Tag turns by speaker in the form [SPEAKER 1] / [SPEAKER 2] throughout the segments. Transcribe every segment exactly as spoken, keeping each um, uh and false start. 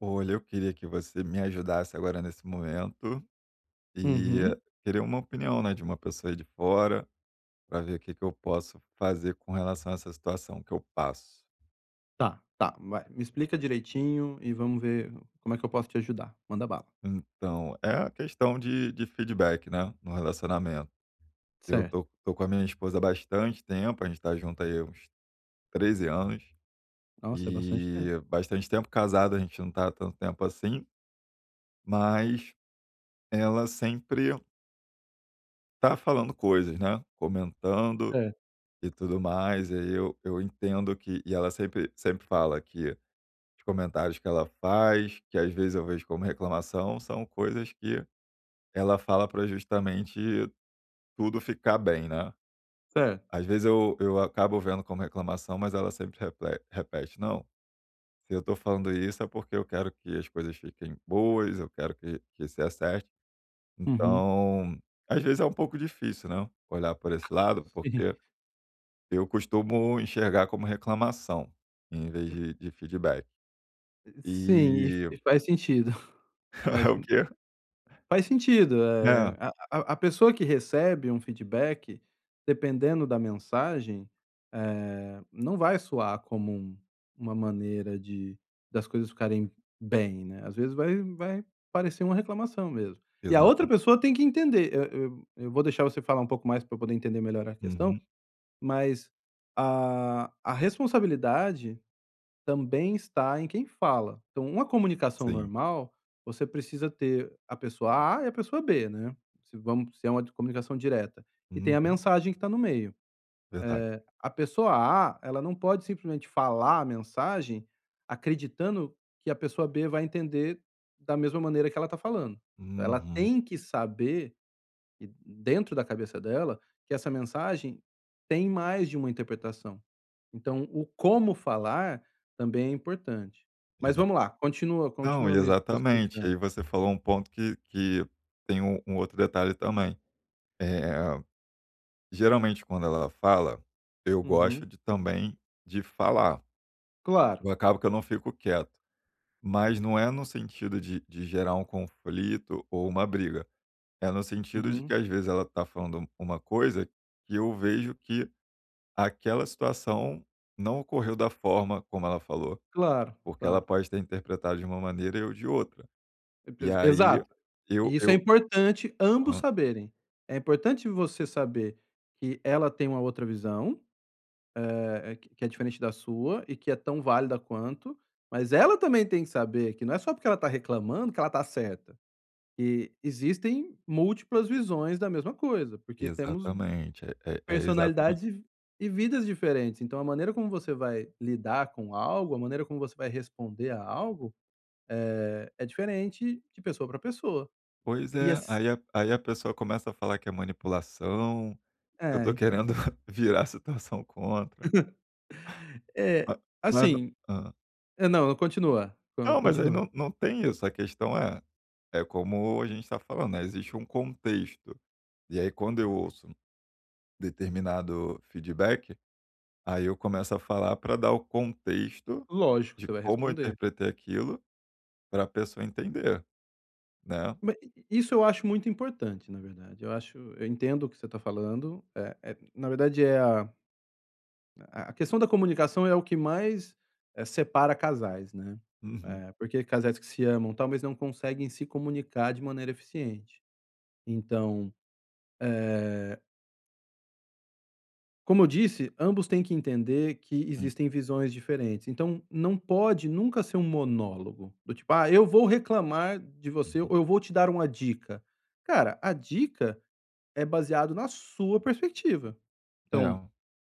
[SPEAKER 1] Olha, eu queria que você me ajudasse agora nesse momento. E
[SPEAKER 2] Uhum.
[SPEAKER 1] queria uma opinião, né, de uma pessoa de fora, pra ver que que eu posso fazer com relação a essa situação que eu passo.
[SPEAKER 2] Tá, tá. Vai, me explica direitinho e vamos ver como é que eu posso te ajudar. Manda bala.
[SPEAKER 1] Então, é a questão de de feedback, né? No relacionamento. Eu tô
[SPEAKER 2] Certo.
[SPEAKER 1] tô com a minha esposa há bastante tempo, a gente tá junto aí há uns treze anos.
[SPEAKER 2] Nossa, é bastante tempo.
[SPEAKER 1] E, bastante tempo casado a gente não tá há tanto tempo assim. Mas ela sempre tá falando coisas, né? Comentando
[SPEAKER 2] É.
[SPEAKER 1] e tudo mais. E aí eu eu entendo que e ela sempre sempre fala que os comentários que ela faz, que às vezes eu vejo como reclamação, são coisas que ela fala pra justamente tudo ficar bem, né?
[SPEAKER 2] Certo.
[SPEAKER 1] Às vezes eu eu acabo vendo como reclamação, mas ela sempre reple repete: "Não, se eu tô falando isso é porque eu quero que as coisas fiquem boas, eu quero que que se acertem".
[SPEAKER 2] Uhum.
[SPEAKER 1] Então às vezes é um pouco difícil, né, olhar por esse lado,
[SPEAKER 2] Sim.
[SPEAKER 1] porque eu costumo enxergar como reclamação, em vez de de feedback.
[SPEAKER 2] E e sim, e f
[SPEAKER 1] E
[SPEAKER 2] faz sentido. Mas
[SPEAKER 1] O
[SPEAKER 2] m
[SPEAKER 1] quê?
[SPEAKER 2] Faz sentido.
[SPEAKER 1] É.
[SPEAKER 2] Eh, a a a pessoa que recebe um feedback, dependendo da mensagem, eh, não vai soar como uma maneira de das coisas ficarem bem, né? Às vezes vai vai parecer uma reclamação mesmo. E a outra
[SPEAKER 1] Exata
[SPEAKER 2] pessoa tem que entender. Eu eu eu vou deixar você falar um pouco mais pra eu poder entender melhor a questão,
[SPEAKER 1] Uhum.
[SPEAKER 2] mas a a responsabilidade também está em quem fala. Então uma comunicação
[SPEAKER 1] Sim.
[SPEAKER 2] normal, você precisa ter a pessoa A e a pessoa B, né? Se vamos se é uma comunicação direta. E tem a
[SPEAKER 1] Uhum.
[SPEAKER 2] mensagem que tá no meio.
[SPEAKER 1] Verdade.
[SPEAKER 2] Eh, a pessoa A, ela não pode simplesmente falar a mensagem, acreditando que a pessoa B vai entender da mesma maneira que ela tá falando. Ela
[SPEAKER 1] Uhum.
[SPEAKER 2] tem que saber e dentro da cabeça dela, que essa mensagem tem mais de uma interpretação. Então, o como falar também é importante. Mas
[SPEAKER 1] Exa
[SPEAKER 2] vamos lá, continua
[SPEAKER 1] não,
[SPEAKER 2] continua
[SPEAKER 1] e
[SPEAKER 2] me me
[SPEAKER 1] exatamente.
[SPEAKER 2] explicando.
[SPEAKER 1] Aí você falou um ponto que que tem um um outro detalhe também. Eh, geralmente quando ela fala, eu gosto
[SPEAKER 2] Uhum.
[SPEAKER 1] de também de falar.
[SPEAKER 2] Claro.
[SPEAKER 1] Eu acabo que eu não fico quieto, mas não é no sentido de de gerar um conflito ou uma briga. É no sentido de que
[SPEAKER 2] Uhum.
[SPEAKER 1] às vezes ela tá falando um uma coisa que eu vejo que aquela situação não ocorreu da forma como ela falou.
[SPEAKER 2] Claro,
[SPEAKER 1] Porque ela
[SPEAKER 2] claro.
[SPEAKER 1] pode ter interpretado de uma maneira e eu de outra. E
[SPEAKER 2] Certeza
[SPEAKER 1] aí,
[SPEAKER 2] Exato.
[SPEAKER 1] eu
[SPEAKER 2] E isso é
[SPEAKER 1] eu
[SPEAKER 2] importante ambos
[SPEAKER 1] Aham.
[SPEAKER 2] saberem. É importante você saber que ela tem uma outra visão, eh, q que é diferente da sua, e que é tão válida quanto, mas ela também tem que saber que não é só porque ela tá reclamando que ela tá certa. E existem múltiplas visões da mesma coisa, porque temos vi
[SPEAKER 1] Exatamente. É é exatame
[SPEAKER 2] personalidades e e vidas diferentes. Então a maneira como você vai lidar com algo, a maneira como você vai responder a algo, eh, é diferente de pessoa pra pessoa.
[SPEAKER 1] Pois
[SPEAKER 2] E
[SPEAKER 1] é!
[SPEAKER 2] as
[SPEAKER 1] Aí a aí a pessoa começa a falar que é manipulação, que eu
[SPEAKER 2] É,
[SPEAKER 1] tô
[SPEAKER 2] então
[SPEAKER 1] querendo virar situação contra.
[SPEAKER 2] É,
[SPEAKER 1] Ah, mas não
[SPEAKER 2] assim
[SPEAKER 1] Hã.
[SPEAKER 2] é, não, continua, co
[SPEAKER 1] Não, mas aí
[SPEAKER 2] continua.
[SPEAKER 1] não não tem isso. A questão é é como a gente tá falando, né, existe um contexto. E aí, quando eu ouço determinado feedback, aí eu começo a falar pra dar o contexto
[SPEAKER 2] Lógico,
[SPEAKER 1] de
[SPEAKER 2] você vai
[SPEAKER 1] como eu
[SPEAKER 2] responder.
[SPEAKER 1] interpretei aquilo, para a pessoa entender, né?
[SPEAKER 2] Ma i i isso eu acho muito importante, na verdade. Eu acho eu entendo o que você tá falando. Eh eh, na verdade, é a a a a questão da comunicação é o que mais, eh, separa casais, né?
[SPEAKER 1] Uhum.
[SPEAKER 2] Eh, porque casais que se amam talvez não conseguem se comunicar de maneira eficiente. Então, eh Como eu disse, ambos têm que entender que
[SPEAKER 1] Hum.
[SPEAKER 2] existem visões diferentes. Então, não pode nunca ser um monólogo. Do tipo: "Ah, eu vou reclamar de você ou
[SPEAKER 1] Uhum.
[SPEAKER 2] eu vou te dar uma dica". Cara, a dica é baseado na sua perspectiva, então
[SPEAKER 1] É.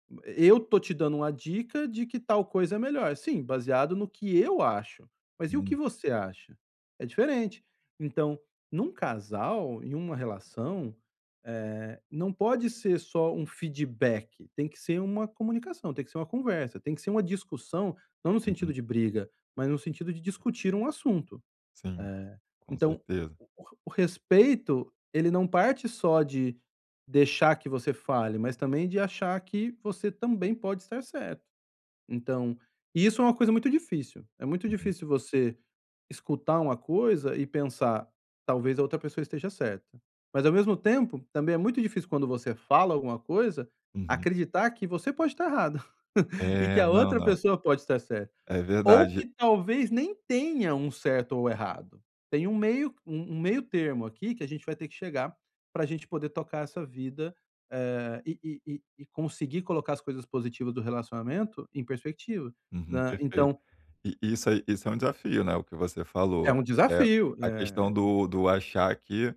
[SPEAKER 2] m m eh, "eu tô te dando uma dica de que tal coisa é melhor". "Sim, baseado no que eu acho, mas e o que
[SPEAKER 1] Hum.
[SPEAKER 2] você acha?". É diferente. Então, num casal, em uma relação, eh, não pode ser só um feedback. Tem que ser uma comunicação, tem que ser uma conversa, tem que ser uma discussão, não no sentido
[SPEAKER 1] Uhum.
[SPEAKER 2] de briga, mas no sentido de discutir um assunto.
[SPEAKER 1] Sim,
[SPEAKER 2] Eh,
[SPEAKER 1] com
[SPEAKER 2] então,
[SPEAKER 1] certeza.
[SPEAKER 2] o o re o respeito, ele não parte só de deixar que você fale, mas também de achar que você também pode estar certo. Então, isso é uma coisa muito difícil, é muito
[SPEAKER 1] Uhum.
[SPEAKER 2] difícil você escutar uma coisa e pensar: "Talvez a outra pessoa esteja certa". Mas, ao mesmo tempo, também é muito difícil quando você fala alguma coisa,
[SPEAKER 1] Uhum.
[SPEAKER 2] acreditar que você pode tá errado, e que
[SPEAKER 1] É,
[SPEAKER 2] a
[SPEAKER 1] não,
[SPEAKER 2] outra
[SPEAKER 1] não.
[SPEAKER 2] pessoa pode estar certa.
[SPEAKER 1] É
[SPEAKER 2] Ou
[SPEAKER 1] verdade.
[SPEAKER 2] que talvez nem tenha um certo ou errado. Tem um meio u um meio termo aqui que a gente vai ter que chegar pra gente poder tocar essa vida, eh, e e e e conseguir colocar as coisas positiva do relacionamento em perspectiva,
[SPEAKER 1] Uhum,
[SPEAKER 2] né.
[SPEAKER 1] perfeito.
[SPEAKER 2] Então
[SPEAKER 1] E e isso aí isso é um desafio, né? O que você
[SPEAKER 2] É
[SPEAKER 1] falou,
[SPEAKER 2] um
[SPEAKER 1] eh,
[SPEAKER 2] desafio,
[SPEAKER 1] a
[SPEAKER 2] né? É
[SPEAKER 1] questão
[SPEAKER 2] um
[SPEAKER 1] do do achar que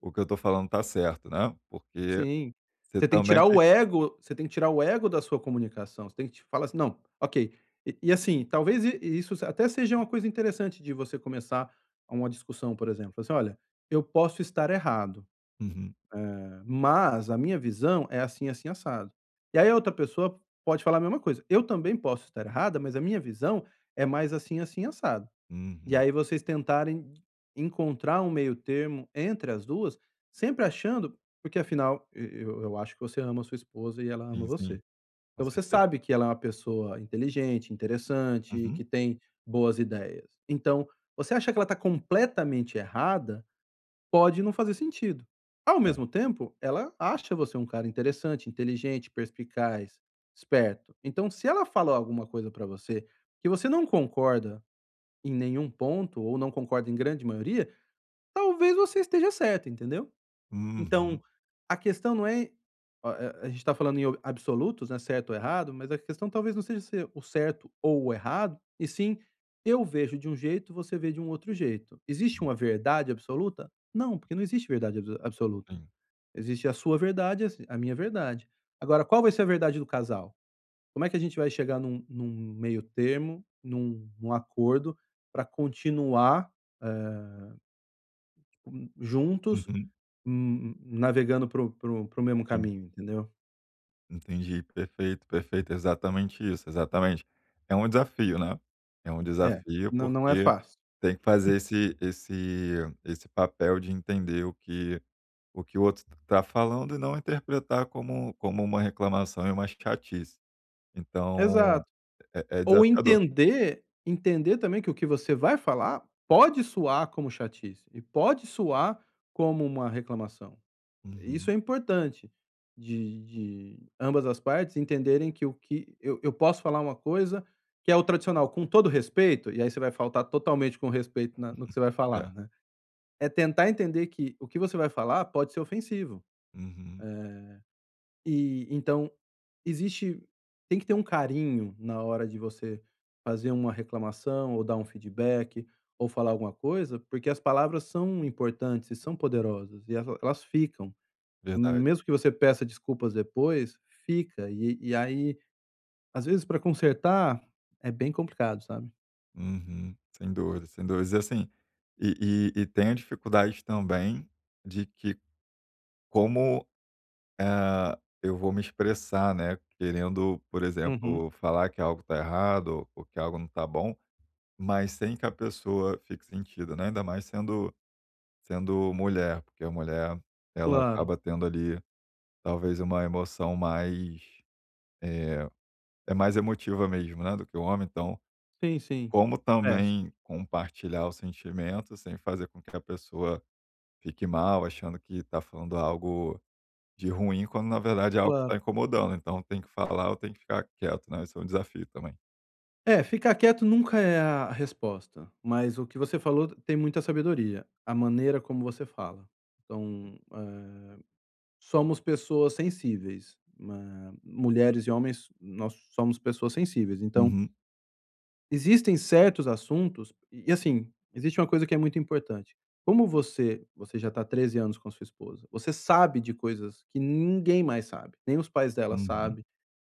[SPEAKER 1] o que eu tô falando tá certo, né, porque
[SPEAKER 2] Sim.
[SPEAKER 1] você
[SPEAKER 2] Você tem que
[SPEAKER 1] também
[SPEAKER 2] tirar
[SPEAKER 1] tem
[SPEAKER 2] o ego você tem que tirar o ego da sua comunicação, você tem que te falar assim: "Não, ok". E e, assim, talvez i isso se até seja uma coisa interessante de você começar uma discussão, por exemplo, assim: "Olha, eu posso estar errado,
[SPEAKER 1] Uhum.
[SPEAKER 2] eh, mas a minha visão é assim, assim, assado". E aí a outra pessoa pode falar a mesma coisa: "Eu também posso estar errada, mas a minha visão é mais assim, assim, assado". E
[SPEAKER 1] Uhum.
[SPEAKER 2] aí vocês tentarem d encontrar um meio termo entre as duas, sempre achando porque afinal e eu eu acho que você ama a sua esposa e ela ama
[SPEAKER 1] Sim,
[SPEAKER 2] você.
[SPEAKER 1] sim.
[SPEAKER 2] Então,
[SPEAKER 1] Com
[SPEAKER 2] você
[SPEAKER 1] certeza.
[SPEAKER 2] sabe que ela é uma pessoa inteligente, interessante, que
[SPEAKER 1] Uhum.
[SPEAKER 2] tem boas ideias. Então, você acha que ela tá completamente errada? Pode não fazer sentido. Ao
[SPEAKER 1] É.
[SPEAKER 2] mesmo tempo, ela acha você um cara interessante, inteligente, perspicaz, esperto. Então, se ela falou alguma coisa pra você, que você não concorda em nenhum ponto ou não concorda em grande maioria, talvez você esteja certo, entendeu?
[SPEAKER 1] Uhum.
[SPEAKER 2] Então, a questão não é o a a gente tá falando em absolutos, né, certo ou errado, mas a questão talvez não seja ser o certo ou o errado e sim: "Eu vejo de um jeito e você vê de um outro jeito". Existe
[SPEAKER 1] Hum.
[SPEAKER 2] uma verdade absoluta? Não, porque não existe verdade abso absoluta.
[SPEAKER 1] Sim.
[SPEAKER 2] Existe a sua verdade, a si a minha verdade. Agora qual vai ser a verdade do casal? Como é que a gente vai chegar num num meio termo, num num acordo pra continuar, eh hum, juntos,
[SPEAKER 1] Uhum.
[SPEAKER 2] hum, navegando para o para o para o mesmo
[SPEAKER 1] Sim.
[SPEAKER 2] caminho, entendeu?
[SPEAKER 1] Entendi. Perfeito, perfeito. Exatamente isso, exatamente. É um desafio, né? É um
[SPEAKER 2] É,
[SPEAKER 1] desafio,
[SPEAKER 2] não, não é
[SPEAKER 1] porque
[SPEAKER 2] fácil.
[SPEAKER 1] tem que fazer esse esse esse papel de entender o que o que o outro está falando e não interpretar como como uma reclamação e uma chatice. Então,
[SPEAKER 2] Exato.
[SPEAKER 1] é é
[SPEAKER 2] Ou
[SPEAKER 1] desafiador.
[SPEAKER 2] entender entender também que o que você vai falar pode soar como chatice e pode soar como uma reclamação. Isso
[SPEAKER 1] Uhum.
[SPEAKER 2] é importante de de ambas as partes entenderem que o que eu eu posso falar uma coisa que é o tradicional, com todo o respeito, e aí você vai faltar totalmente com o respeito na no que você vai falar,
[SPEAKER 1] É.
[SPEAKER 2] né. É tentar entender que o que você vai falar pode ser ofensivo.
[SPEAKER 1] Uhum.
[SPEAKER 2] Eh, e então, existe tem que ter um carinho na hora de você fazer uma reclamação ou dar um feedback ou falar alguma coisa, porque as palavras são importantes e são poderosas. E el elas ficam,
[SPEAKER 1] Verdade.
[SPEAKER 2] mesmo que você peça desculpas depois, fica e e aí, às vezes, pra consertar é bem complicado, sabe?
[SPEAKER 1] Uhum. Sem dúvidas, sem dúvidas. E assim, e e e tenho dificuldade também, de que como, hã, eu vou me expressar, né. Querendo, por
[SPEAKER 2] Uhum.
[SPEAKER 1] exemplo, falar que algo tá errado ou que algo não tá bom, mas sem que a pessoa fique sentida, né. Ainda mais sendo sendo mulher, porque a mulher ela
[SPEAKER 2] Claro.
[SPEAKER 1] acaba tendo ali, talvez, uma emoção mais, eh, é mais emotiva mesmo, né, do que o homem. Então,
[SPEAKER 2] Sim, sim.
[SPEAKER 1] como
[SPEAKER 2] É su
[SPEAKER 1] também compartilhar os sentimentos, sem fazer com que a pessoa fique mal, achando que tá falando algo de ruim, quando na verdade é algo que tá
[SPEAKER 2] Claro.
[SPEAKER 1] incomodando. Então, tem que falar ou tem que ficar quieto, né, esse é um desafio também.
[SPEAKER 2] É, ficar quieto nunca é a resposta, mas o que você falou tem muita sabedoria, a maneira como você fala. Então, eh, somos pessoas sensíveis, hã, mulheres e homens, nós somos pessoas sensíveis. Então
[SPEAKER 1] Uhum.
[SPEAKER 2] existem certos assuntos e assim, existe uma coisa que é muito importante. Como você você já tá há treze anos com a sua esposa, você sabe de coisas que ninguém mais sabe, nem os pais dela
[SPEAKER 1] Uhum.
[SPEAKER 2] sabem,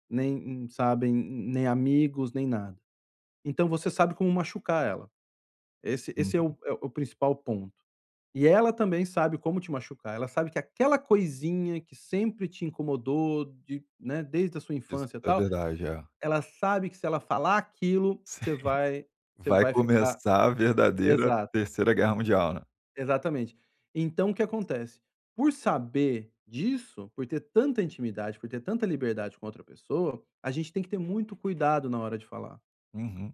[SPEAKER 2] nem m sabem, mm nem amigos, nem nada. Então, você sabe como machucar ela. Esse esse é
[SPEAKER 1] Uhum.
[SPEAKER 2] o é o principal ponto. E ela também sabe como te machucar, ela sabe que aquela coisinha que sempre te incomodou de né, desde a sua
[SPEAKER 1] Isso
[SPEAKER 2] infância,
[SPEAKER 1] é
[SPEAKER 2] tal,
[SPEAKER 1] verdade. É.
[SPEAKER 2] ela sabe que se ela falar aquilo
[SPEAKER 1] Sim.
[SPEAKER 2] você vai você
[SPEAKER 1] Vai
[SPEAKER 2] vai ficar
[SPEAKER 1] começar a verdadeira
[SPEAKER 2] exato.
[SPEAKER 1] terceira guerra mundial, né.
[SPEAKER 2] Exatamente. Então, o que acontece? Por saber disso, por ter tanta intimidade, por ter tanta liberdade com a outra pessoa, a gente tem que ter muito cuidado na hora de falar.
[SPEAKER 1] Uhum.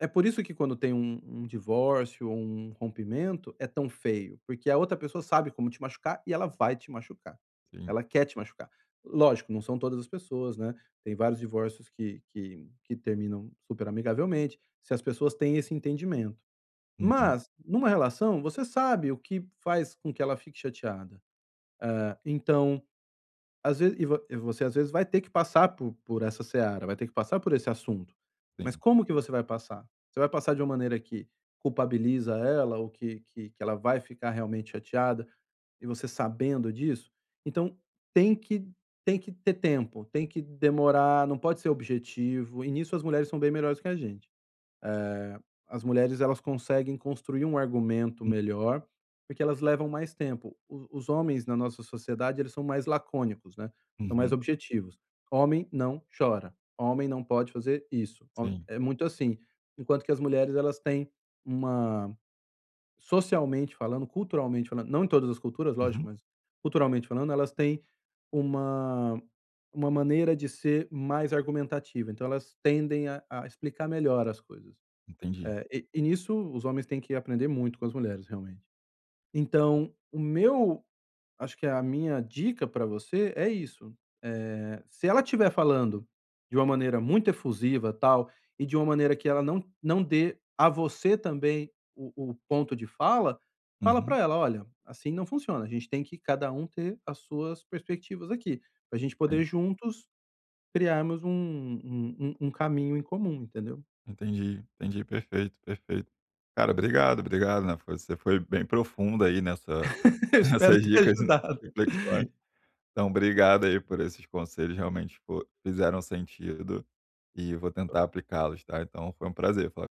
[SPEAKER 2] É por isso que quando tem um um divórcio ou um rompimento é tão feio, porque a outra pessoa sabe como te machucar e ela vai te machucar,
[SPEAKER 1] Sim.
[SPEAKER 2] ela quer te machucar. Lógico, não são todas as pessoas, né, tem vários divórcios que que que terminam super amigavelmente, se as pessoas têm esse entendimento.
[SPEAKER 1] Uhum.
[SPEAKER 2] Mas, numa relação, você sabe o que faz com que ela fique chateada, eh, então às veze e vo e você às vezes vai ter que passar por por essa seara, vai ter que passar por esse assunto. Mas,
[SPEAKER 1] Sim.
[SPEAKER 2] como que você vai passar? Você vai passar de uma maneira que culpabiliza ela ou que que que ela vai ficar realmente chateada? E você sabendo disso? Então tem que tem que ter tempo, tem que demorar, não pode ser objetivo, e nisso as mulheres são bem melhores que a gente. Eh, as mulheres, elas conseguem construir um argumento
[SPEAKER 1] Hum.
[SPEAKER 2] melhor, porque elas levam mais tempo. Os os homens na nossa sociedade, eles são mais lacônicos. né? São mais
[SPEAKER 1] Uhum.
[SPEAKER 2] objetivos. Homem não chora, homem não pode fazer isso, hom
[SPEAKER 1] Sim.
[SPEAKER 2] é muito assim, enquanto que as mulheres elas têm uma socialmente falando, culturalmente falando, não em todas as culturas lógico,
[SPEAKER 1] Uhum.
[SPEAKER 2] mas culturalmente falando elas têm uma uma maneira de ser mais argumentativa, então elas tendem a a explicar melhor as coisas.
[SPEAKER 1] Entendi.
[SPEAKER 2] Eh, e e nisso os homens têm que aprender muito com as mulheres realmente. Então, o meu acho que a minha dica pra você é isso. Eh, se ela estiver falando de uma maneira muito efusiva, tal, e de uma maneira que ela não não dê a você também o o ponto de fala, fala
[SPEAKER 1] Uhum.
[SPEAKER 2] pra ela: "Olha, assim não funciona, a gente tem que cada um ter as suas perspectivas aqui, pra gente poder,
[SPEAKER 1] Sim.
[SPEAKER 2] juntos, criarmos um um um um caminho em comum." Entendeu?
[SPEAKER 1] Entendi, entendi. Perfeito, perfeito. Cara, obrigado. Obrigado, né, você foi bem profundo aí nessa
[SPEAKER 2] Eu espero
[SPEAKER 1] nessas
[SPEAKER 2] ter
[SPEAKER 1] dicas e
[SPEAKER 2] ajudado.
[SPEAKER 1] reflexões. Então, obrigado aí por esses conselhos, realmente fo fizeram sentido e vou tentar aplicá-los, tá? Então, foi um prazer falar